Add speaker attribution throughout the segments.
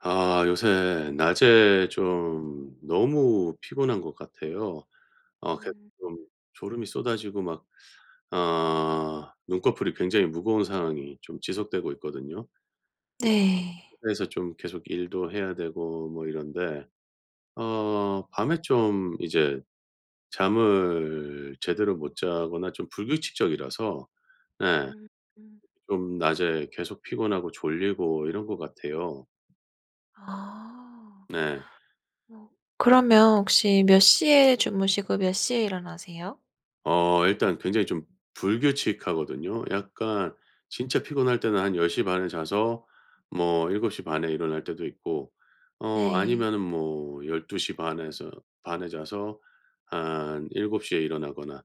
Speaker 1: 아 요새 낮에 좀 너무 피곤한 것 같아요. 어 계속
Speaker 2: 음.
Speaker 1: 좀 졸음이 쏟아지고 막 어 눈꺼풀이 굉장히 무거운 상황이 좀 지속되고 있거든요. 이
Speaker 2: 네.
Speaker 1: 그래서 좀 계속 일도 해야 되고 뭐 이런데 어 밤에 좀 이제 잠을 제대로 못 자거나 좀 불규칙적이라서 네
Speaker 2: 음 음.
Speaker 1: 좀 낮에 계속 피곤하고 졸리고 이런 것 같아요.
Speaker 2: 아.
Speaker 1: 네.
Speaker 2: 어 그러면 혹시 몇 시에 주무시고 몇 시에 일어나세요?
Speaker 1: 어 일단 굉장히 좀 불규칙하거든요. 약간 진짜 피곤할 때는 한 10 시 반에 자서 뭐 7 시 반에 일어날 때도 있고 어
Speaker 2: 네.
Speaker 1: 아니면은 뭐 12 시 반에서 반에 자서 한 7 시에 일어나거나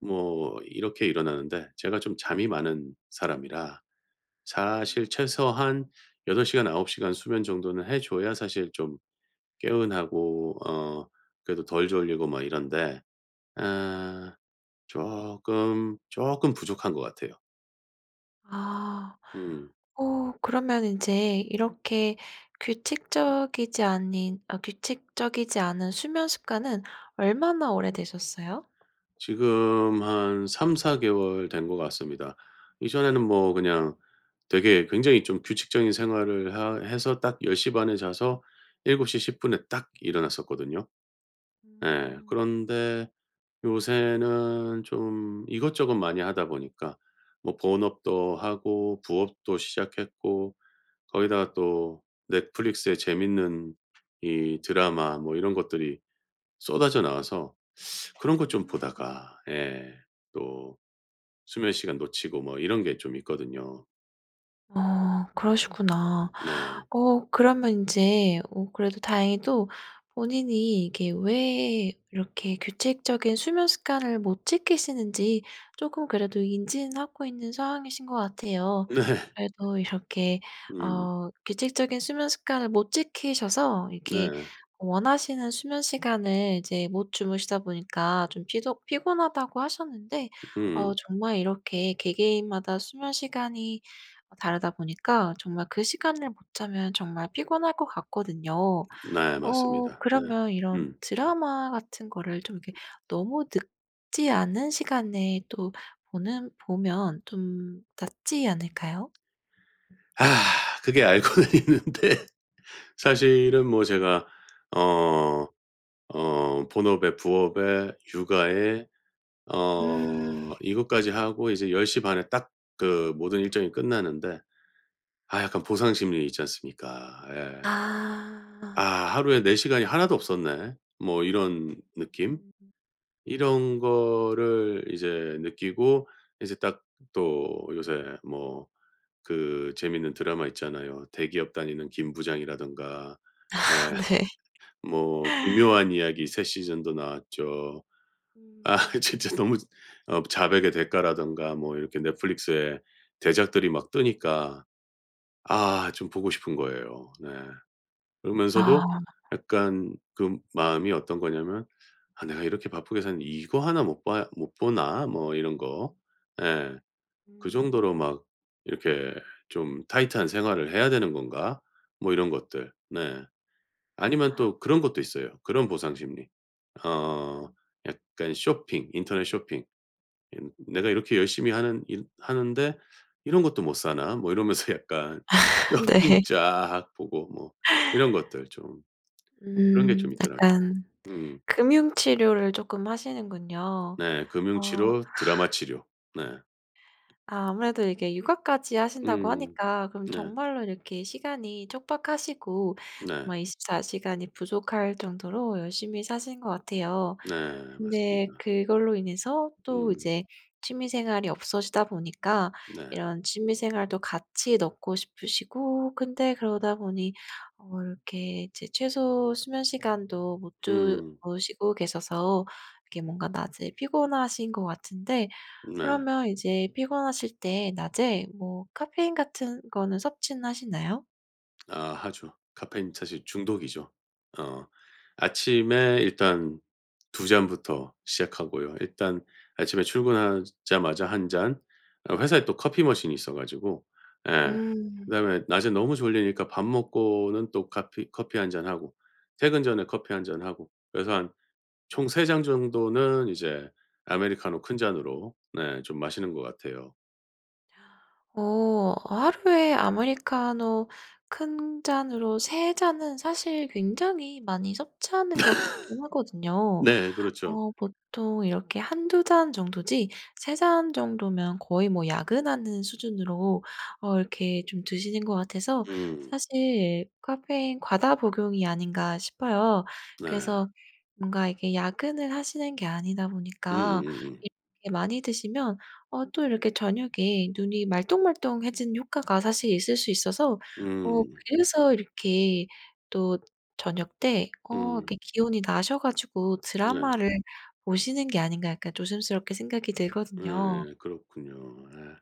Speaker 1: 뭐 이렇게 일어나는데 제가 좀 잠이 많은 사람이라
Speaker 2: 음음.
Speaker 1: 사실 최소한 8 시간 9 시간 수면 정도는 해 줘야 사실 좀 개운하고 어 그래도 덜 졸리고 막 이런데 아 쪼끔, 쪼끔 부족한 것 같아요.
Speaker 2: 아.
Speaker 1: 음.
Speaker 2: 어 그러면 인제 이렇게 규칙적이지 아닌 아 규칙적이지 않은 수면 습관은 얼마나 오래되셨어요?
Speaker 1: 지금 한 3-4 개월 된 것 같습니다. 이전에는
Speaker 2: 음.
Speaker 1: 뭐 그냥 되게 굉장히 좀 규칙적인 생활을 하 해서 딱 10:30 에 자서 7:10 에 딱 일어났었거든요. 예.
Speaker 2: 음.
Speaker 1: 그런데 요새는 좀 이것저것 많이 하다 보니까 뭐 본업도 하고 부업도 시작했고 거기다가 또 넷플릭스에 재밌는 이 드라마 뭐 이런 것들이 쏟아져 나와서 그런 것 좀
Speaker 2: 음.
Speaker 1: 보다가 예 또 수면시간 놓치고 뭐 이런 게 좀 있거든요.
Speaker 2: 어 그러시구나.
Speaker 1: 네.
Speaker 2: 어 그러면 인제 어 그래도 다행히도 본인이 이게 왜 이렇게 규칙적인 수면 습관을 못 지키시는지 쪼끔 그래도 인지는 하고 있는 상황이신 것 같아요.
Speaker 1: 네.
Speaker 2: 그래도 이렇게
Speaker 1: 음.
Speaker 2: 어 규칙적인 수면 습관을 못 지키셔서 이렇게
Speaker 1: 네.
Speaker 2: 원하시는 수면 시간을 이제 못 주무시다 보니까 좀 피조 피곤하다고 하셨는데 어
Speaker 1: 음.
Speaker 2: 정말 이렇게 개개인마다 수면 시간이 어 다르다 보니까 정말 그 시간을 못 자면 정말 피곤할 것 같거든요.
Speaker 1: 네
Speaker 2: 어
Speaker 1: 맞습니다. 네.
Speaker 2: 그러면 이런
Speaker 1: 음.
Speaker 2: 드라마 같은 거를 좀 이렇게 너무 늦지 않은 시간에 또 보는 보면 좀 낫지 않을까요?
Speaker 1: 그게 알고는 있는데 사실은 뭐 제가 어 어 본업에 부업에 육아에
Speaker 2: 음.
Speaker 1: 어 이것까지 하고 이제 10:30 에 딱 그 모든 일정이 끝나는데 아 약간 보상 심리 있지 않습니까. 예. '아
Speaker 2: 아.
Speaker 1: 하루에 내 시간이 하나도 없었네.' 뭐 이런 느낌?
Speaker 2: 음.
Speaker 1: 이런
Speaker 2: 음.
Speaker 1: 거를 이제 느끼고 이제 딱 또 요새 뭐 그 재밌는 드라마 있잖아요. 대기업 다니는 김 부장이라든가. 네.
Speaker 2: 아 네.
Speaker 1: 뭐. 기묘한 이야기 새 시즌도 나왔죠. 아.
Speaker 2: 음.
Speaker 1: 진짜 너무 어 자백의 대가라던가 뭐 이렇게 넷플릭스의 대작들이 막 뜨니까 아 좀 보고 싶은 거예요. 네. 그러면서도
Speaker 2: 아.
Speaker 1: 약간 그 마음이 어떤 거냐면 '아 내가 이렇게 바쁘게 사는데 이거 하나 못 봐 못 보나.' 뭐 이런 거. 예. '그 정도로
Speaker 2: 음.
Speaker 1: 막 이렇게 좀 타이트한 생활을 해야 되는 건가?' 뭐 이런 것들. 네. 아니면
Speaker 2: 아.
Speaker 1: 또 그런 것도 있어요. 그런 보상 심리. 어 약간 쇼핑. 인터넷 쇼핑. 이 '내가 이렇게 열심히 하는 일 하는데 이런 것도 못사나?' 이러면서 약간
Speaker 2: 아
Speaker 1: 쇼핑
Speaker 2: 네.
Speaker 1: 쫙 보고 뭐 이런 것들 좀. 그런 게
Speaker 2: 음.
Speaker 1: 좀 있더라고요.
Speaker 2: 약간
Speaker 1: 음.
Speaker 2: 금융 치료를 쪼끔 하시는군요.
Speaker 1: 네. 금융
Speaker 2: 어.
Speaker 1: 치료. 드라마 치료. 네.
Speaker 2: 아 아무래도 이게 육아까지 하신다고
Speaker 1: 음.
Speaker 2: 하니까 그럼
Speaker 1: 네.
Speaker 2: 정말로 이렇게 시간이 촉박하시고
Speaker 1: 네.
Speaker 2: 정말 24 시간이 부족할 정도로 열심히 사시는 것 같아요.
Speaker 1: 네.
Speaker 2: 근데
Speaker 1: 맞습니다.
Speaker 2: 그걸로 인해서 또
Speaker 1: 음.
Speaker 2: 이제 취미 생활이 없어지다 보니까
Speaker 1: 네.
Speaker 2: 이런 취미 생활도 같이 넣고 싶으시고 근데 그러다 보니 어 이렇게 이제 최소 수면 시간도 못
Speaker 1: 음.
Speaker 2: 주무시고 계셔서 이게 뭔가 낮에 피곤하신 것 같은데
Speaker 1: 네.
Speaker 2: 그러면 이제 피곤하실 때 낮에 뭐 카페인 같은 거는 섭취는 하시나요?
Speaker 1: 아 하죠. 카페인 사실 중독이죠. 어 아침에 일단 2 잔부터 시작하고요 일단 아침에 출근하자마자 1 잔, 어 회사에 또 커피 머신이 있어 가지고 예.
Speaker 2: 음.
Speaker 1: 그다음에 낮에 너무 졸리니까 밥 먹고는 또 카피 커피 1 잔하고 퇴근 전에 커피 1 잔하고 그래서 한 총 3 잔 정도는 이제 아메리카노 큰 잔으로 네 좀 마시는 것 같아요.
Speaker 2: 오. 하루에 아메리카노 큰 잔으로 3 잔은 사실 굉장히 많이 섭취하는 것 같기는 하거든요.
Speaker 1: 네 그렇죠.
Speaker 2: 어 보통 이렇게 1-2 잔 정도지 3 잔 정도면 거의 뭐 야근하는 수준으로 어 이렇게 좀 드시는 것 같아서
Speaker 1: 음.
Speaker 2: 사실 카페인 과다 복용이 아닌가 싶어요.
Speaker 1: 네.
Speaker 2: 그래서 뭔가 이게 야근을 하시는 게 아니다 보니까
Speaker 1: 음음음음.
Speaker 2: 이렇게 많이 드시면 어 또 이렇게 저녁에 눈이 말똥말똥 해지는 효과가 사실 있을 수 있어서 어
Speaker 1: 음.
Speaker 2: 그래서 이렇게 또 저녁때 어 이렇게
Speaker 1: 음.
Speaker 2: 기운이 나셔 가지고
Speaker 1: 네.
Speaker 2: 드라마를 보시는 게 아닌가 약간 조심스럽게 생각이 들거든요.
Speaker 1: 예 그렇군요. 예.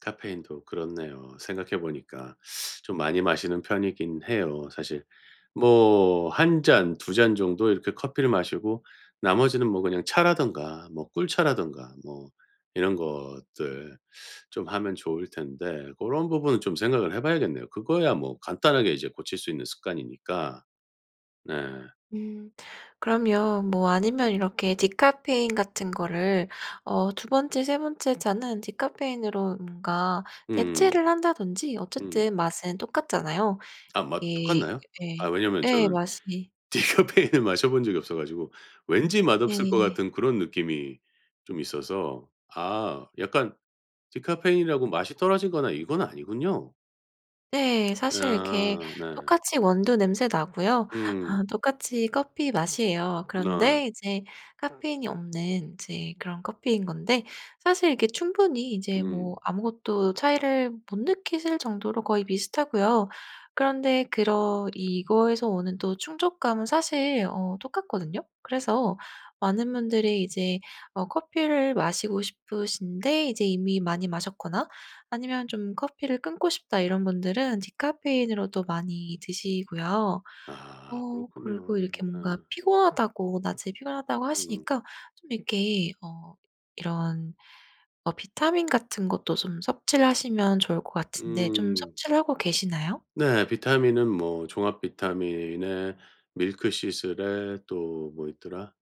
Speaker 1: 카페인도 그렇네요. 생각해 보니까 좀 많이 마시는 편이기는 해요, 사실. 뭐 1 잔 2 잔 정도 이렇게 커피를 마시고 나머지는 뭐 그냥 차라든가 뭐 꿀차라든가 뭐 이런 것들 좀 하면 좋을 텐데 고런 부분은 좀 생각을 해봐야겠네요. 그거야 뭐 간단하게 이제 고칠 수 있는 습관이니까. 네.
Speaker 2: 음. 그러면 뭐 아니면 이렇게 디카페인 같은 거를 어 2 번째 3 번째 잔은 디카페인으로 뭔가
Speaker 1: 음음.
Speaker 2: 대체를 한다든지
Speaker 1: 음.
Speaker 2: 어쨌든 맛은 똑같잖아요.
Speaker 1: 아 맛
Speaker 2: 이게
Speaker 1: 똑같나요? 아
Speaker 2: 예.
Speaker 1: 왜냐면
Speaker 2: 예
Speaker 1: 저는
Speaker 2: 맛이
Speaker 1: 디카페인을 마셔본 적이 없어가지고 왠지 맛없을 것
Speaker 2: 예.
Speaker 1: 같은 그런 느낌이 좀 있어서. 아 약간 디카페인이라고 맛이 떨어지거나 이건 아니군요.
Speaker 2: 네 사실 이렇게
Speaker 1: 아 네.
Speaker 2: 똑같이 원두 냄새나고요.
Speaker 1: 음.
Speaker 2: 아 똑같이 커피 맛이에요.
Speaker 1: 네.
Speaker 2: 그런데 이제 카페인이 없는 이제 그런 커피인 건데 사실 이게 충분히 이제 뭐
Speaker 1: 음.
Speaker 2: 아무것도 차이를 못 느끼실 정도로 거의 비슷하고요. 그런데 그런 이거에서 오는 또 충족감은 사실 어 똑같거든요. 그래서 많은 분들이 이제 어 커피를 마시고 싶으신데 이제 이미 많이 마셨거나 아니면 좀 '커피를 끊고 싶다.' 이런 분들은 디카페인으로도 많이 드시고요.
Speaker 1: 아
Speaker 2: 어
Speaker 1: 그렇군요.
Speaker 2: 그리고 이렇게 뭔가
Speaker 1: 예.
Speaker 2: 피곤하다고 낮에 피곤하다고
Speaker 1: 음.
Speaker 2: 하시니까 좀 이렇게 어 이런 어 비타민 같은 것도 좀 섭취를 하시면 좋을 것 같은데 좀
Speaker 1: 음.
Speaker 2: 섭취를 하고 계시나요?
Speaker 1: 네 비타민은 뭐 종합 비타민에 밀크시슬에 또 뭐 있더라?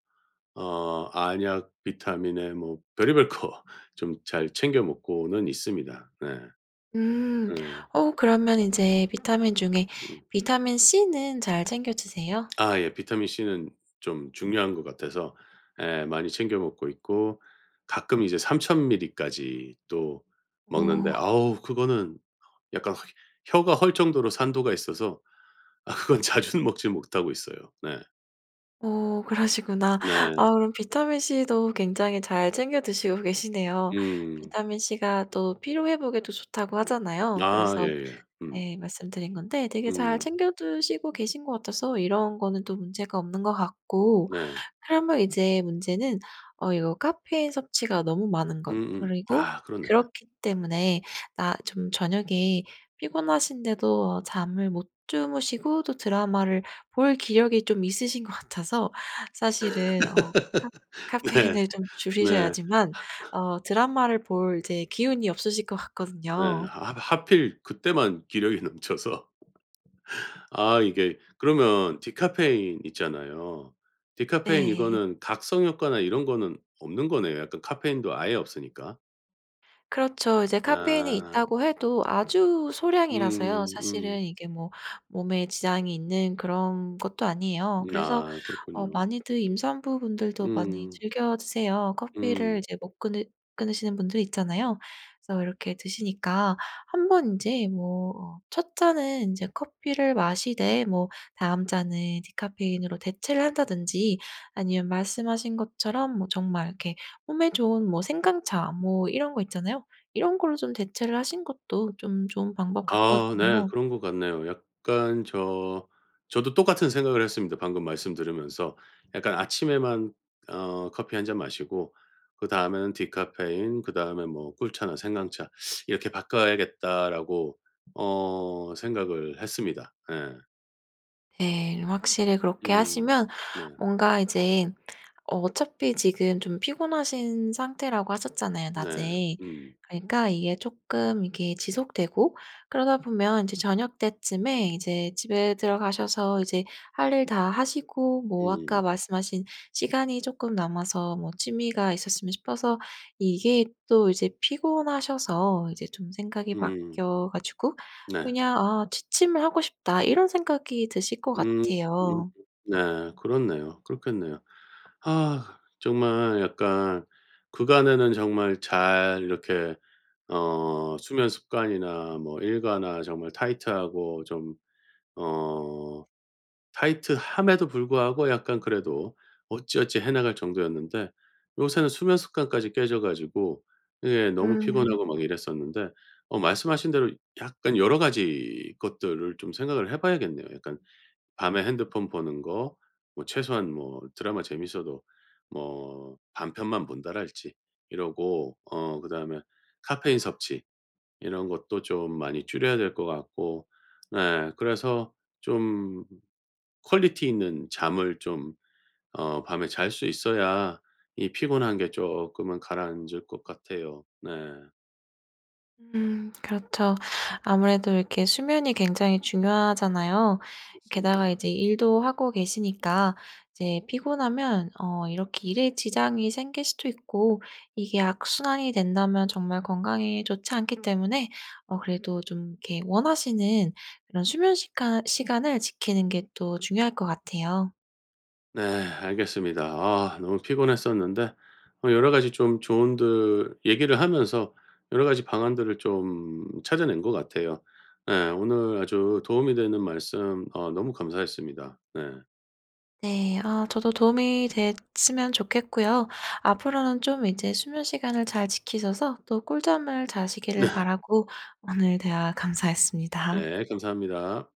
Speaker 1: 어 안약 비타민에 뭐 별의별 거 좀 잘 챙겨 먹고는 있습니다. 네.
Speaker 2: 음
Speaker 1: 네.
Speaker 2: 어 그러면 인제 비타민 중에
Speaker 1: 음.
Speaker 2: 비타민 C는 잘 챙겨드세요?
Speaker 1: 아 예. 비타민 C는 좀 중요한 것 같아서 예 많이 챙겨 먹고 있고 가끔 이제 3,000 밀리까지 또 먹는데
Speaker 2: 오.
Speaker 1: 아우 그거는 약간 혀 혀가 헐 정도로 산도가 있어서 아 그건 자주는 먹지 못하고 있어요. 네.
Speaker 2: 어 그러시구나.
Speaker 1: 네.
Speaker 2: 아 그럼 비타민 C도 굉장히 잘 챙겨 드시고 계시네요.
Speaker 1: 음.
Speaker 2: 비타민 C가 또 피로 회복에도 좋다고 하잖아요.
Speaker 1: 아
Speaker 2: 그래서
Speaker 1: 예예. 음.
Speaker 2: 네 말씀드린 건데 되게 잘
Speaker 1: 음.
Speaker 2: 챙겨드시고 계신 것 같아서 이런 거는 또 문제가 없는 것 같고
Speaker 1: 네.
Speaker 2: 그러면 이제 문제는 어 이거 카페인 섭취가 너무 많은 것
Speaker 1: 음음.
Speaker 2: 그리고
Speaker 1: 아 그렇네. 예.
Speaker 2: 그렇기 때문에 나 좀 저녁에 피곤하신데도 잠을 못 주무시고 또 드라마를 볼 기력이 좀 있으신 것 같아서 사실은 어 카
Speaker 1: 네.
Speaker 2: 카페인을 좀
Speaker 1: 네.
Speaker 2: 줄이셔야지만 어 드라마를 볼 이제 기운이 없으실 것
Speaker 1: 네.
Speaker 2: 같거든요.
Speaker 1: 하 하 하필 그때만 기력이 넘쳐서 아 이게 그러면 디카페인 있잖아요. 디카페인
Speaker 2: 네.
Speaker 1: 이거는 각성 효과나 이런 거는 없는 거네요, 약간 카페인도 아예 없으니까.
Speaker 2: 그렇죠. 이제 카페인이
Speaker 1: 아.
Speaker 2: 있다고 해도 아주 소량이라서요.
Speaker 1: 음 음.
Speaker 2: 사실은 이게 뭐 몸에 지장이 있는 그런 것도 아니에요.
Speaker 1: 음
Speaker 2: 그래서
Speaker 1: 아
Speaker 2: 어
Speaker 1: 그렇군요.
Speaker 2: 많이들 임산부 분들도 많이
Speaker 1: 음.
Speaker 2: 즐겨 드세요. 커피를
Speaker 1: 음.
Speaker 2: 이제 못 끊으 끊으시는 분들 있잖아요. 그래서 이렇게 드시니까 한번 인제 뭐 어 첫 잔은 인제 커피를 마시되 뭐 다음 잔은 디카페인으로 대체를 한다든지 아니면 말씀하신 것처럼 뭐 정말 이렇게 몸에 좋은 뭐 생강차 뭐 이런 거 있잖아요. 이런 걸로 좀 대체를 하신 것도 좀 좋은 방법
Speaker 1: 아 네
Speaker 2: 같거든요.
Speaker 1: 그런 것 같네요. 약간 저, 저도 똑같은 생각을 했습니다 방금 말씀 들으면서. 약간 '아침에만 어 커피 1 잔 마시고, 그다음에는 디카페인, 그다음에 뭐 꿀차나 생강차 이렇게 바꿔야겠다.'라고 어 생각을 했습니다. 예.
Speaker 2: 네. 좀 확실히 그렇게
Speaker 1: 음.
Speaker 2: 하시면
Speaker 1: 네.
Speaker 2: 뭔가 이제 어 어차피 지금 좀 피곤하신 상태라고 하셨잖아요
Speaker 1: 네.
Speaker 2: 낮에.
Speaker 1: 음.
Speaker 2: 그러니까 이게 쪼끔 이게 지속되고 그러다 보면 이제 저녁때쯤에 이제 집에 들어가셔서 이제 할 일 다 하시고 뭐
Speaker 1: 음.
Speaker 2: 아까 말씀하신 시간이 쪼끔 남아서 뭐 취미가 있었으면 싶어서 이게 또 이제 피곤하셔서 이제 좀 생각이
Speaker 1: 음.
Speaker 2: 바뀌어 가지고
Speaker 1: 네.
Speaker 2: 그냥 '아 취침을 하고 싶다.' 이런 생각이 드실 것
Speaker 1: 음
Speaker 2: 같아요.
Speaker 1: 네. 그렇네요. 그렇겠네요. 아 정말 약간 그간에는 정말 잘 이렇게 어 수면 습관이나 뭐 일과나 정말 타이트하고 좀 어 타이트함에도 불구하고 약간 그래도 어찌어찌 해 나갈 정도였는데 요새는 수면 습관까지 깨져 가지고 예 너무
Speaker 2: 음.
Speaker 1: 피곤하고 막 이랬었는데 어 말씀하신 대로 약간 여러 가지 것들을 좀 생각을 해 봐야겠네요. 약간 밤에 핸드폰 보는 거 뭐 최소한 뭐 드라마 재밌어도 뭐 반 편만 본다랄지 이러고 어 그다음에 카페인 섭취 이런 것도 좀 많이 줄여야 될 것 같고 네 그래서 좀 퀄리티 있는 잠을 좀 어 밤에 잘 수 있어야 이 피곤한 게 쪼끔은 가라앉을 것 같아요. 네.
Speaker 2: 음 그렇죠. 아무래도 이렇게 수면이 굉장히 중요하잖아요. 게다가
Speaker 1: 그렇습니다.
Speaker 2: 이제 일도 하고 계시니까 이제 피곤하면 어 이렇게 일에 지장이 생길 수도 있고 이게 악순환이 된다면 정말 건강에 좋지 않기 때문에 어 그래도 좀 이렇게 원하시는 그런 수면 시간 시간을 지키는 게 또 중요할 것 같아요.
Speaker 1: 네 알겠습니다. 아 너무 피곤했었는데 어 여러 가지 좀 조언들 얘기를 하면서 여러 가지 방안들을 좀 찾아낸 것 같아요. 예. 오늘 아주 도움이 되는 말씀 어 너무 감사했습니다. 네.
Speaker 2: 네. 아 저도 도움이 됐으면 좋겠고요. 앞으로는 좀 이제 수면 시간을 잘 지키셔서 또 꿀잠을
Speaker 1: 네.
Speaker 2: 자시기를 바라고 오늘 대화 감사했습니다.
Speaker 1: 네 감사합니다.